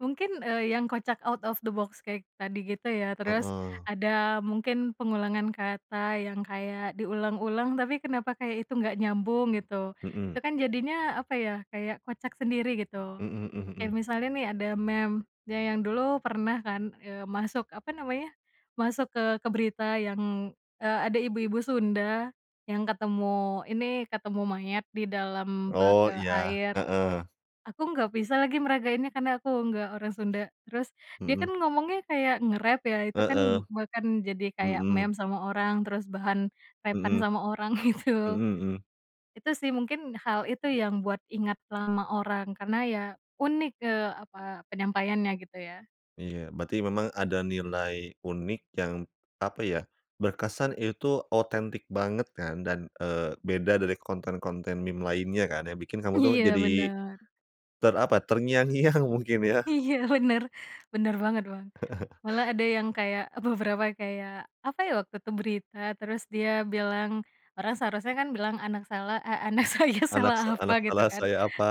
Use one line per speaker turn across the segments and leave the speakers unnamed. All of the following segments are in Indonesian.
Mungkin, eee, yang kocak out of the box kayak tadi gitu ya. Terus
Heeh.
ada mungkin pengulangan kata yang kayak diulang-ulang, tapi kenapa kayak itu nggak nyambung gitu.
Mhm.
Itu kan jadinya, apa ya, kayak kocak sendiri gitu.
Mhm mhm
Kayak
mhm.
misalnya nih ada meme ya yang dulu pernah kan, eee, masuk, apa namanya, masuk ke ke berita yang, eee, ada ibu-ibu Sunda yang ketemu ini, ketemu mayat di dalam bak,
Oh,
eee,
iya.
air.
Heeh.
Aku nggak bisa lagi meragainnya karena aku nggak orang Sunda. Terus dia
Mhm.
kan ngomongnya kayak ngerap ya, itu
Heeh.
kan bahkan jadi kayak
Mhm.
meme sama orang, terus bahan rap-an
Mhm.
sama orang gitu.
Mhm mhm.
Itu sih mungkin, hal itu yang buat ingat sama orang, karena ya unik, eee, apa, penyampaiannya gitu ya.
Iya. Berarti memang ada nilai unik yang, apa ya, berkesan itu otentik banget kan. Dan, eee, beda dari konten-konten meme lainnya kan, yang bikin kamu tuh
Iya,
jadi
bener.
ter apa, terngiang-ngiang mungkin ya.
Iya, bener. Bener banget, Bang. Malah ada yang kayak beberapa, kayak, apa ya waktu itu, berita terus dia bilang, orang seharusnya kan bilang, "Anak salah eh, anak saya salah
Anak sa
apa?"
anak
Gitu
salah
kan.
saya apa,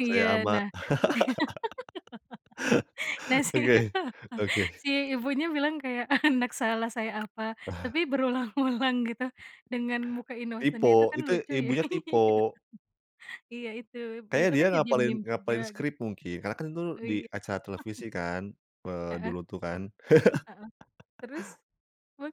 Iya,
saya ama.
nah si nah, si
Oke, oke.
si ibunya bilang kayak, "Anak salah saya apa?" Tapi berulang-ulang gitu, dengan muka innocent-nya itu
Tipo
kan
itu
lucu ya. Iya.
ibunya tipo.
Iya itu,
Kayaknya
itu
dia
kan jadi
ngapalin
meme juga
ngapalin
gitu.
skrip mungkin. Karena kan itu
Oh,
di
iya.
acara televisi kan, eee,
Heeh.
dulu tuh kan.
Heeh, terus, wah